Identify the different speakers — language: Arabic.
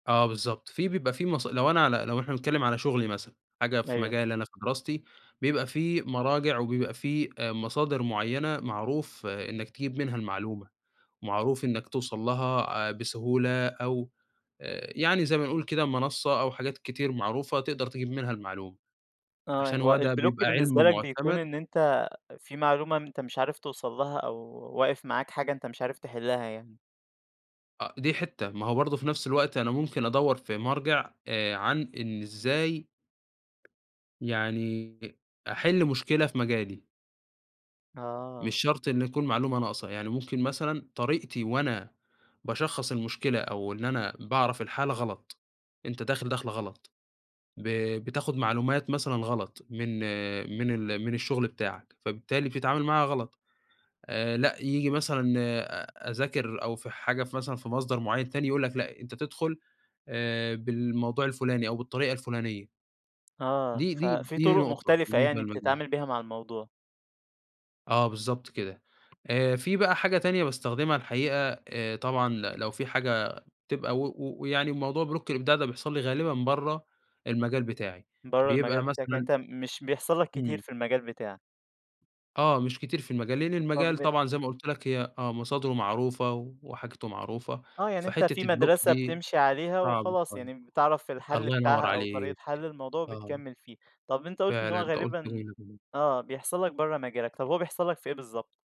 Speaker 1: آه، بالضبط، في بيبقى في مص لو أنا على لو إحنا بنتكلم على شغلي مثلًا، حاجة في
Speaker 2: أيوه.
Speaker 1: مجالي أنا في دراستي، بيبقى في مراجع وبيبقى في مصادر معيّنة معروف إنك تجيب منها المعلومة، معروف إنك توصل لها آآ، بسهولة أو آآ، يعني زي ما نقول كده منصة أو حاجات كتير معروفة، تقدر تجيب منها المعلومة،
Speaker 2: آه،
Speaker 1: عشان
Speaker 2: هو
Speaker 1: هو ده
Speaker 2: الblock
Speaker 1: بيبقى
Speaker 2: بالنسبة
Speaker 1: عِلم
Speaker 2: لك بيكون
Speaker 1: معتمد
Speaker 2: إن أنت في معلومة أنت مش عارف توصل لها، أو واقف معاك حاجة أنت مش عارف تحِلّها يعني.
Speaker 1: أ دي حتّة، ما هو برضه في نفس الوقت أنا ممكن أدوّر في مرجع آآ، عن إن إزاي يعني أحِلّ مشكلة في مجالي. مش
Speaker 2: آه.
Speaker 1: شرط إنه يكون معلومة ناقصة، يعني ممكن مثلًا طريقتي وأنا باشخّص المشكلة، أو إن أنا باعرف الحالة غلط، أنت داخل دَخلة غلط، ب بتاخد معلومات مثلًا غلط من من ال من الشغل بتاعك، فبالتالي بتتعامل معاها غلط آآ، لأ ييجي مثلًا آآ، أذاكر أو في حاجة مثلًا في مصدر معيّن تاني يقول لك لأ، أنت تدخل آآ، بالموضوع الفلاني، أو بالطريقة الفلانية.
Speaker 2: آه،
Speaker 1: دي دي
Speaker 2: ففي
Speaker 1: دي
Speaker 2: طُرُق
Speaker 1: نقطة
Speaker 2: مختلفة
Speaker 1: بالنسبة
Speaker 2: يعني
Speaker 1: لمجالي.
Speaker 2: بتتعامل بيها مع الموضوع.
Speaker 1: آه، بالضبط كده، آآ، في بقى حاجة تانية باستخدمها الحقيقة آآ، طبعًا ل لو في حاجة تبقى و و ويعني الموضوع block الإبداع ده بيحصل لي غالبًا برّه المجال بتاعي،
Speaker 2: برّه
Speaker 1: بيبقى
Speaker 2: المجال بتاعك، يعني
Speaker 1: مثلًا
Speaker 2: أنت مش بيحصل لك كتير
Speaker 1: إمم.
Speaker 2: في المجال بتاعك.
Speaker 1: آه، مش كتير في المجال، لأن المجال
Speaker 2: طَب
Speaker 1: طبعًا زي ما قُلت لك هي آه، مصادرُه معروفة، وحاجتُه معروفة،
Speaker 2: آه، يعني أنت في
Speaker 1: فحتّة الblock
Speaker 2: مدرسة
Speaker 1: دي
Speaker 2: بتمشي عليها
Speaker 1: صعب
Speaker 2: وخلاص
Speaker 1: شوية،
Speaker 2: يعني بتعرف الحَلّ
Speaker 1: الله
Speaker 2: بتاعها
Speaker 1: ينوّر
Speaker 2: أو طريقة
Speaker 1: عليك،
Speaker 2: حَلّ الموضوع،
Speaker 1: آه.
Speaker 2: وبتكمِّل فيه، طَب أنت قُلت إن هو
Speaker 1: فعلًا أنت قُلت
Speaker 2: غالبًا
Speaker 1: جملة [unintelligible]
Speaker 2: آه بيحصل لك برّه مجالك، طَب هو بيحصل لك في إيه بالضبط؟